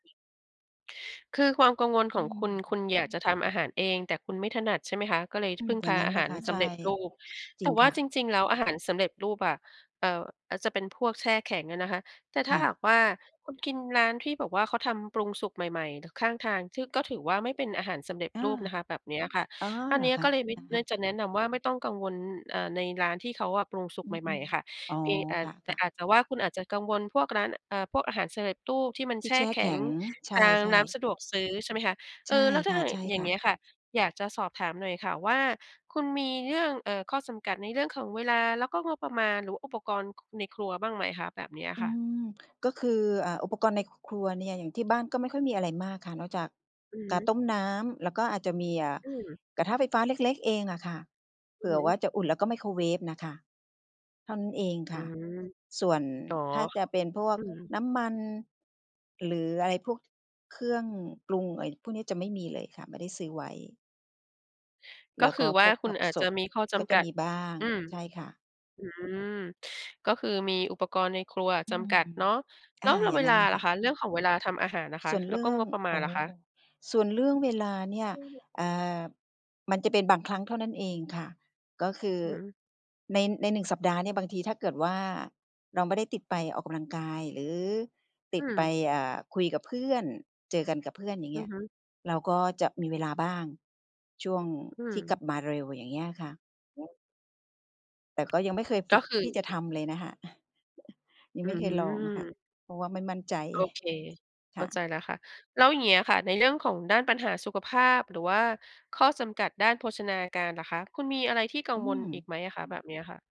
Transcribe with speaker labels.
Speaker 1: คือความกังวล
Speaker 2: อ
Speaker 1: ข
Speaker 2: ื
Speaker 1: องคุณ ค
Speaker 2: ม
Speaker 1: ุณ อยากจะทำอาหารเอง แต่คุณไม่ถนัด ใช่ไหมคะ ก็เลย ท
Speaker 2: อื
Speaker 1: พ
Speaker 2: ม
Speaker 1: ึ่ง
Speaker 2: อย
Speaker 1: พ
Speaker 2: ่า
Speaker 1: า
Speaker 2: งงั้
Speaker 1: อ
Speaker 2: น
Speaker 1: า
Speaker 2: แห
Speaker 1: ห
Speaker 2: ละ
Speaker 1: าร
Speaker 2: ค่ะ
Speaker 1: ส
Speaker 2: ใช
Speaker 1: ำ
Speaker 2: ่
Speaker 1: เร็จรูป
Speaker 2: จ
Speaker 1: แ
Speaker 2: ร
Speaker 1: ต
Speaker 2: ิ
Speaker 1: ่
Speaker 2: ง
Speaker 1: ว่
Speaker 2: ค
Speaker 1: า
Speaker 2: ่
Speaker 1: จ
Speaker 2: ะ
Speaker 1: ริง ๆ แล้วอาหารสำเร็จรูปอะ เอ่อ อาจจะเป็นพวกแช่แข็งอะนะคะ แต่ถ
Speaker 2: ค
Speaker 1: ้า
Speaker 2: ่
Speaker 1: หา
Speaker 2: ะ
Speaker 1: กว่าคุณกินร้านที่แบบว่าเขาทำปรุงสุกใหม่ ๆ หรือข้างทาง ที่ ก็ถือว่าไม่เป็นอาหารสำเร็จ
Speaker 2: เออ
Speaker 1: รูปนะคะ แบบเนี้ยค่ะ
Speaker 2: อ๋อ
Speaker 1: อั
Speaker 2: เ
Speaker 1: น
Speaker 2: หรอ
Speaker 1: นี้
Speaker 2: คะ?
Speaker 1: ก็เลยไม่
Speaker 2: อะฮ
Speaker 1: น่
Speaker 2: ะ
Speaker 1: าจะแนะนำว่าไม่ต้องกังวล อ่า ในร้านที่เขาอะปรุงสุก
Speaker 2: อื
Speaker 1: ใหม่ ๆ
Speaker 2: ม
Speaker 1: อะค่ะ
Speaker 2: ๆ อ๋อ
Speaker 1: เพียงอา
Speaker 2: ค
Speaker 1: จ แต่
Speaker 2: ่ะ ๆ
Speaker 1: อาจจะว่าคุณอาจจะกังวลพวกร้าน เอ่อ พวกอาหารสำเร็จรูปที่มัน
Speaker 2: ท
Speaker 1: แ
Speaker 2: ี่
Speaker 1: ช
Speaker 2: แ
Speaker 1: ่
Speaker 2: ช่
Speaker 1: แข
Speaker 2: แข
Speaker 1: ็ง
Speaker 2: ็ง ใช
Speaker 1: ตามร
Speaker 2: ่
Speaker 1: ้าน
Speaker 2: ๆ
Speaker 1: สะดวกซื้อ ใช่ไหมคะ เ
Speaker 2: ใ
Speaker 1: อ
Speaker 2: ช่
Speaker 1: ่อ แล้วถ้
Speaker 2: ค
Speaker 1: าหากอย่าง
Speaker 2: ่
Speaker 1: เ
Speaker 2: ะ
Speaker 1: งี
Speaker 2: ๆ
Speaker 1: ้ยค่ะ อยากจะสอบถามหน่อยค่ะว่า คุณมีเรื่อง เอ่อ ข้อจำกัดในเรื่องของเวลา แล้วก็งบประมาณ หรือว่าอุปกรณ์ ในครัวบ้างไหมคะ? แบบเนี้ย
Speaker 2: อ
Speaker 1: ค
Speaker 2: ื
Speaker 1: ่ะ
Speaker 2: ม ก็คือ อ่า อุปกรณ์ในครัวเนี่ย อย่างที่บ้านก็ไม่ค่อยมีอะไรมากค่ะ นอกจาก
Speaker 1: อือฮ
Speaker 2: กา
Speaker 1: ึ
Speaker 2: ต้มน้ำ แล้วก็อาจจะมี อ่า
Speaker 1: อืม
Speaker 2: กระทะไฟฟ้าเล็ก ๆ เองอะค่ะ เผ
Speaker 1: อื
Speaker 2: ื
Speaker 1: อ
Speaker 2: ่
Speaker 1: ฮ
Speaker 2: อว
Speaker 1: ึ
Speaker 2: ่าจะอุ่น แล้วก็ไมโครเวฟน่ะค่ะ เท่านั้นเอง
Speaker 1: อ
Speaker 2: ค
Speaker 1: ื
Speaker 2: ่ะ
Speaker 1: ม
Speaker 2: ส่วน
Speaker 1: อ๋อ
Speaker 2: ถ้าจะเป็นพวก
Speaker 1: อืม
Speaker 2: น้ำมัน หรืออะไรพวกเครื่องปรุง ไอ้พวกนี้จะไม่มีเลยค่ะ ไม่ได้ซื้อไว้
Speaker 1: ก
Speaker 2: แล
Speaker 1: ็
Speaker 2: ้ว
Speaker 1: ค
Speaker 2: ก
Speaker 1: ื
Speaker 2: ็
Speaker 1: อว
Speaker 2: พ
Speaker 1: ่า
Speaker 2: วก
Speaker 1: คุ
Speaker 2: ผ
Speaker 1: ณ
Speaker 2: ัก
Speaker 1: อาจ
Speaker 2: ส
Speaker 1: จะ
Speaker 2: ด
Speaker 1: มีข้อจ
Speaker 2: ก็จ
Speaker 1: ำก
Speaker 2: ะ
Speaker 1: ัด
Speaker 2: มีบ้าง
Speaker 1: อืม
Speaker 2: ใช่ค่ะ
Speaker 1: อืม ก็คือมีอุปกรณ์ในครัวอะ
Speaker 2: อื
Speaker 1: จ
Speaker 2: ม
Speaker 1: ำกัดเนาะ แ
Speaker 2: อ
Speaker 1: ล้
Speaker 2: า
Speaker 1: ว ล
Speaker 2: อย่า
Speaker 1: เว
Speaker 2: งงั
Speaker 1: ลา
Speaker 2: ้นน่ะ
Speaker 1: ล
Speaker 2: ค
Speaker 1: ่ะ
Speaker 2: ่ะ
Speaker 1: คะ? เรื่องของเวลาทำอาหารล่ะค
Speaker 2: ส
Speaker 1: ะ?
Speaker 2: ่วน
Speaker 1: แล
Speaker 2: เร
Speaker 1: ้ว
Speaker 2: ื
Speaker 1: ก็
Speaker 2: ่อ
Speaker 1: ง
Speaker 2: ง
Speaker 1: บประมา
Speaker 2: โอ
Speaker 1: ณ
Speaker 2: ้
Speaker 1: ล่ะคะ?
Speaker 2: ส่วนเรื่องเวลาเนี่ย
Speaker 1: อือ
Speaker 2: อ่า มันจะเป็นบางครั้งเท่านั้นเองค่ะ ก็คือ
Speaker 1: อือฮึ
Speaker 2: ใน ในหนึ่งสัปดาห์เนี่ย บางทีถ้าเกิดว่าเราไม่ได้ติดไปออกกำลังกาย หรือต
Speaker 1: อ
Speaker 2: ิดไป
Speaker 1: ืม
Speaker 2: อ่า คุยกับเพื่อน เจอกันกับเพื่อน อย่า
Speaker 1: อ
Speaker 2: งเ
Speaker 1: ื
Speaker 2: งี้
Speaker 1: อ
Speaker 2: ย
Speaker 1: ฮึ
Speaker 2: เราก็จะมีเวลาบ้าง ช่วง
Speaker 1: อื
Speaker 2: ที่กลั
Speaker 1: ม
Speaker 2: บมาเร็ว อย่างเงี้ยค่ะ
Speaker 1: [unintelligible]
Speaker 2: แต่ก็ยังไม่เคยฝ
Speaker 1: ก
Speaker 2: ึ
Speaker 1: ็
Speaker 2: ก
Speaker 1: คื
Speaker 2: ท
Speaker 1: อ
Speaker 2: ี่จะทำเลยนะคะ ยัง
Speaker 1: อื
Speaker 2: ไม่เคยลอง ค่ะ
Speaker 1: ม
Speaker 2: เพราะว่าไม่มั่นใจ
Speaker 1: โอเค
Speaker 2: ค
Speaker 1: เข้
Speaker 2: ่ะ
Speaker 1: าใจแล้วค่ะ แล้วอย่างเงี้ยค่ะ ในเรื่องของด้านปัญหาสุขภาพ หรือว่าข้อจำกัดด้านโภชนาการล่ะคะ คุณมีอะไรที่กั
Speaker 2: อ
Speaker 1: ง
Speaker 2: ื
Speaker 1: วลอี
Speaker 2: ม
Speaker 1: กไหมอะคะ? แบบเนี้ยค่ะ